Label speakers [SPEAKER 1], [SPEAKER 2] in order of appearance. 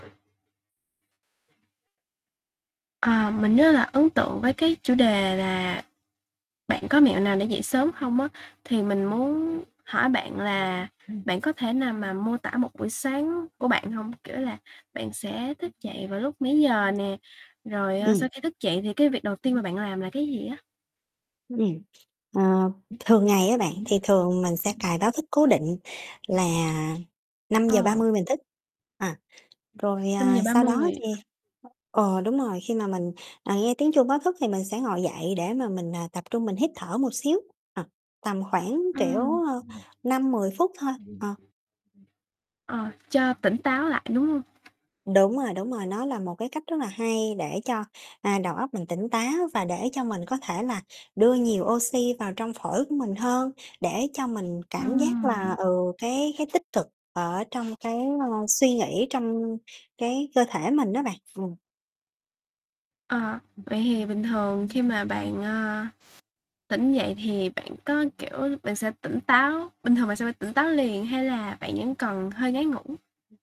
[SPEAKER 1] À, mình rất là ấn tượng với cái chủ đề là bạn có mẹo nào để dậy sớm không á, thì mình
[SPEAKER 2] Ừm.
[SPEAKER 1] muốn hỏi bạn là bạn có thể nào mà mô tả một buổi sáng của bạn hông? Kiểu là bạn sẽ thức dậy vào lúc mấy giờ nè? Rồi, ờ,
[SPEAKER 2] Ừm.
[SPEAKER 1] sau khi thức dậy thì cái việc đầu tiên mà bạn làm là cái gì á?
[SPEAKER 2] Ừm. Ờ, thường ngày á bạn, thì thường mình sẽ cài báo thức cố định là năm giờ ba
[SPEAKER 1] Ờ.
[SPEAKER 2] mươi mình thức. À,
[SPEAKER 1] Ừm,
[SPEAKER 2] rồi,
[SPEAKER 1] năm giờ
[SPEAKER 2] à,
[SPEAKER 1] ba
[SPEAKER 2] sau đó
[SPEAKER 1] mươi.
[SPEAKER 2] thì ờ, đúng rồi, khi mà mình, à, nghe tiếng chuông báo thức thì mình sẽ ngồi dậy để mà mình, à, tập trung mình hít thở một xíu, à, tầm khoảng,
[SPEAKER 1] Ừm.
[SPEAKER 2] kiểu, ơ, 5-10 phút thôi.
[SPEAKER 1] Ừm. Ừm.
[SPEAKER 2] Ờ.
[SPEAKER 1] Ờ, cho tỉnh táo lại, đúng hông?
[SPEAKER 2] Đúng rồi, đúng rồi, nó là một cái cách rất là hay để cho, à, đầu óc mình tỉnh táo và để cho mình có thể là đưa nhiều oxy vào trong phổi của mình hơn, để cho mình cảm giác là,
[SPEAKER 1] Ừm.
[SPEAKER 2] ừ, cái cái tích cực ở trong cái, ơ, suy nghĩ, trong cái cơ thể mình á bạn. Ừm.
[SPEAKER 1] Ờ, vậy thì bình thường khi mà bạn, à, tỉnh dậy thì bạn có kiểu bạn sẽ tỉnh táo bình thường bạn sẽ phải tỉnh táo liền, hay là bạn vẫn còn hơi ngáy ngủ?